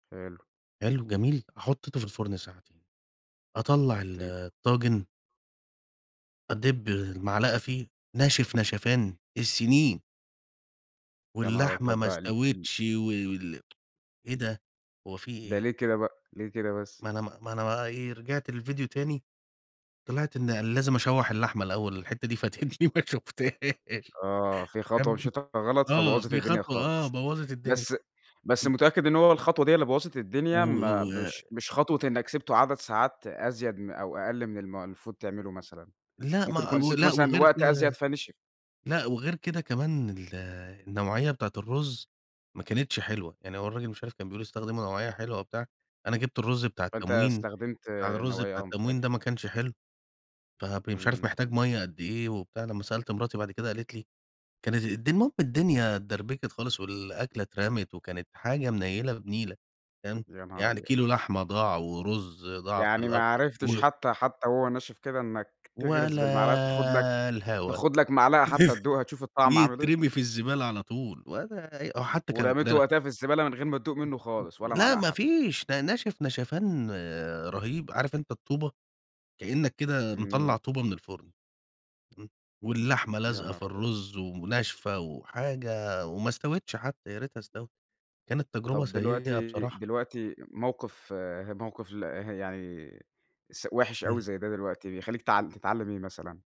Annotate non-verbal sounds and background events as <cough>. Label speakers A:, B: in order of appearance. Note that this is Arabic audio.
A: حلو.
B: حلو، جميل، حطيته في الفرن ساعتين، أطلّع ال
A: حطيته.
B: الطاجن أدِّب المعلقة فيه، ناشف نشفان السنين.
A: يا نهار!
B: واللحمة
A: طب
B: ما
A: ال ال
B: استوِتش و وال <tsk> إيه ده! هو في
A: ده
B: إيه؟
A: ليه كده بقى، ليه كده بس؟
B: ما أنا ما أنا بقى إيه، رجعت للفيديو تاني، طلعت إن لازم أشوح اللحمة الأول الحتة دي فاتتني ما شُفتهاش.
A: آه، في خطوة
B: تمام،
A: مشيتها غلط
B: آه،
A: فبوظت
B: في
A: الدنيا
B: خطوة آه،
A: خالص.
B: بوَّظت الدنيا.
A: بس بس
B: امم.
A: متأكد إن هو الخطوة دي هي اللي بوظت
B: و
A: الدنيا،
B: و
A: ما
B: و
A: مش مش خطوة إنك سِبته عدد ساعات أزيد م أو أقل من الم المفروض تعمله مثلًا؟
B: لأ،
A: ممكن
B: ما
A: يكون سِبته
B: ولأ،
A: مثلًا
B: وغير
A: وقت أزيد،
B: كده
A: فنشف.
B: لأ، وغير كده كمان ال النوعية بتاعة الرز ما كانتش حلوة، يعني هو الراجل مش عارف كان بيقول استخدموا نوعية حلوة وبتاع، أنا جبت الرز بتاع
A: فأنت
B: التموين،
A: استخدمت
B: بتاع الرز
A: نوعية
B: بتاع
A: آه،
B: التموين
A: مختلفة.
B: ده ما كانش حلو. فبي مش عارف
A: إمم.
B: محتاج مَيّة قد إيه وبتاع، لما سألت مراتي بعد كده قالت لي كانت الدن المهم الدنيا اتدربكت خالص، والأكلة اترمت وكانت حاجة منيلة بنيلة، تمام،
A: يا نهار
B: يعني
A: أبيض!
B: كيلو لحمة ضاع ورز ضاع في
A: يعني
B: الأكل
A: ما عرفتش
B: و
A: حتى حتى وهو ناشف كده إنك تغرس بالمعلقة وتاخد لك
B: ولا الهوا.
A: تاخد لك معلقة حتى
B: <laughs>
A: تدوقها، تشوف الطعم عامل إيه؟
B: يترمي في الزبالة على طول، ولا أي هو حتى كانت إن
A: ورميته
B: أنا
A: وقتها في الزبالة، من غير ما تدوق
B: و
A: منه خالص
B: و
A: ولا
B: لا
A: معلقة
B: ما
A: حتى؟
B: فيش، ده ناشف نشفان رهيب، عارف أنت الطوبة؟ كأنك كده مطلع
A: إمم.
B: طوبة من الفرن. امم، واللحمة
A: يا
B: لازقة
A: نهار
B: في
A: أبيض!
B: الرز وناشفة وحاجة وما استوِتش حتى، يا ريتها استوت. كانت تجربة
A: طب
B: سيئة
A: دلوقتي
B: بصراحة.
A: دلوقتي موقف ه موقف له يعني س وحِش أوي
B: امم.
A: زي ده دلوقتي، بيخليك تع تتعلم إيه مثلًا؟